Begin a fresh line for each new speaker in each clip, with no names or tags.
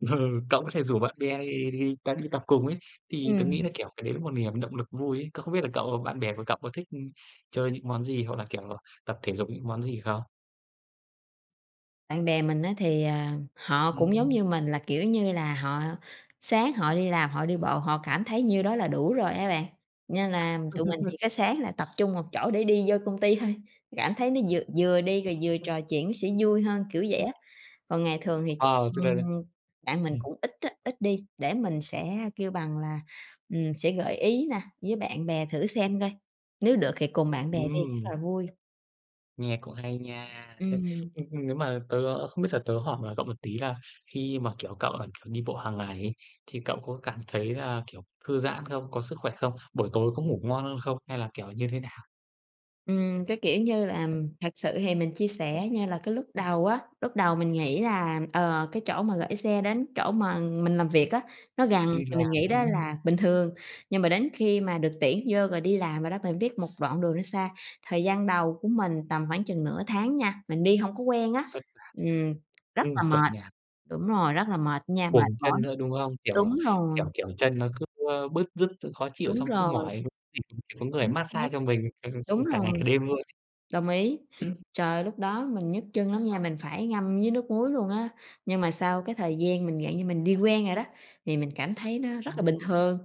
Ừ, cậu có thể rủ bạn bè đi đi à, đi tập cùng ấy, thì tớ nghĩ
Ừm.
là, kiểu, cái đấy nó cũng một niềm động lực vui ấy, cậu không biết là cậu bạn bè của cậu có thích chơi những món gì hoặc là, kiểu, tập thể dục những món gì không?
Bạn bè mình á thì, ờ, họ cũng giống
Ừm.
như mình là, kiểu như là, họ sáng họ đi làm họ đi bộ, họ cảm thấy như đó là đủ rồi á bạn, nên là
À.
tụi mình chỉ có sáng là tập trung một chỗ để đi vô công ty thôi, cảm thấy nó vừa vừa đi rồi vừa trò chuyện nó sẽ vui hơn, kiểu vậy á. Còn ngày thường thì ch
À, tôi đây
ừm,
đây.
bạn mình
Ừm.
cũng ít á, ít đi để mình sẽ kêu bằng là, ừm, sẽ gợi ý nè với bạn bè thử xem coi, nếu được thì cùng bạn bè đi rất
Ừm.
là vui.
Nghe cũng hay nha. Nếu,
Ừm.
ơ, nếu mà tớ không biết thật tớ hỏi mà cậu một tí là khi mà, kiểu, cậu là, kiểu, đi bộ hàng ngày ấy thì cậu có cảm thấy là, kiểu, thư giãn không, có sức khỏe không, buổi tối có ngủ ngon hơn không hay là, kiểu, như thế nào?
Ừm, cái, kiểu như là, thật sự thì mình chia sẻ như là cái lúc đầu á, lúc đầu mình nghĩ là, ờ, cái chỗ mà gửi xe đến chỗ mà mình làm việc á, nó gần
Đi
thì mình
làm,
nghĩ đó
ừm.
là bình thường, nhưng mà đến khi mà được tuyển vô rồi đi làm rồi đó mình biết một đoạn đường nó xa. Thời gian đầu của mình tầm khoảng chừng nửa tháng nha, mình đi hông có quen á,
Thất lạc
ừm, rất
ừm,
là
chuẩn
mệt
nhạc.
đúng rồi, rất là mệt nha, mệt
Cuồng
mỏi
chân nữa, đúng không? Kiểu
đúng
là, kiểu
rồi.
kiểu, chân nó cứ, ơ, bứt rứt xong khó chịu
Đúng
xong cứ
rồi.
mỏi thì [unintelligible] người
Chính
mát
xác,
xa cho mình
đúng
[unintelligible] cả ngày cả
rồi,
đêm luôn ấy.
đồng ý, trời ơi, lúc đó mình nhức chân lắm nha, mình phải ngâm với nước muối luôn á, nhưng mà sau cái thời gian mình dạng như mình đi quen rồi đó, thì mình cảm thấy nó
Ờ.
rất là bình thường,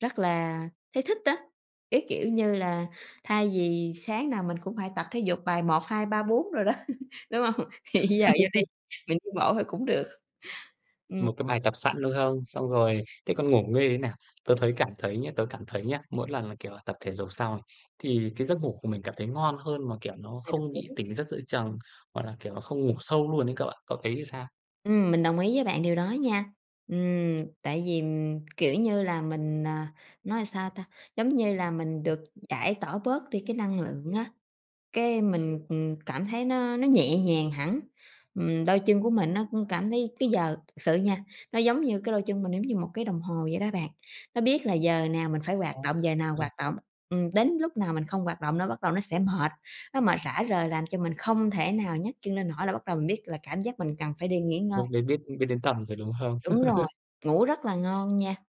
rất là thấy thích á. Cái, kiểu như là, thay vì sáng nào mình cũng phải tập thể dục bài 1, 2, 3, 4 đồ đó, đúng hông? Thì bây giờ vô đây, mình đi bộ thôi cũng được, ừm.
Một cái bài tập sẵn, đúng không? Xong rồi thế còn ngủ nghê thế nào, tớ thấy cảm thấy nhá tớ cảm thấy nhá, mỗi lần là, kiểu là, tập thể dục xong này, thì cái giấc ngủ của mình cảm thấy ngon hơn mà, kiểu, nó
À, đồng
không bị
ý.
tỉnh giấc giữa chừng hoặc là, kiểu, nó không ngủ sâu luôn ấy cậu ạ, cậu thấy làm sao?
Ừm, mình đồng ý với bạn điều đó nha. Ừm, tại vì, kiểu như là, mình, à nói làm sao ta, giống như là mình được giải tỏa bớt đi cái năng lượng á, cái mình, ừm, cảm thấy nó nó nhẹ nhàng hẳn, ừm, đôi chân của mình nó cũng cảm thấy cái giờ thực sự nha, nó giống như cái đôi chân mình giống như một cái đồng hồ vậy đó bạn, nó biết là giờ nào mình phải hoạt động, giờ nào
Ừ.
hoạt động, ừm, đến lúc nào mình không hoạt động nó bắt đầu nó sẽ mệt, nó mệt rã rời làm cho mình không thể nào nhấc chân lên nổi là bắt đầu mình biết là cảm giác mình cần phải đi nghỉ ngơi.
Lúc đấy biết biết đến tầm rồi, đúng không?
Đúng rồi, ngủ rất là ngon nha.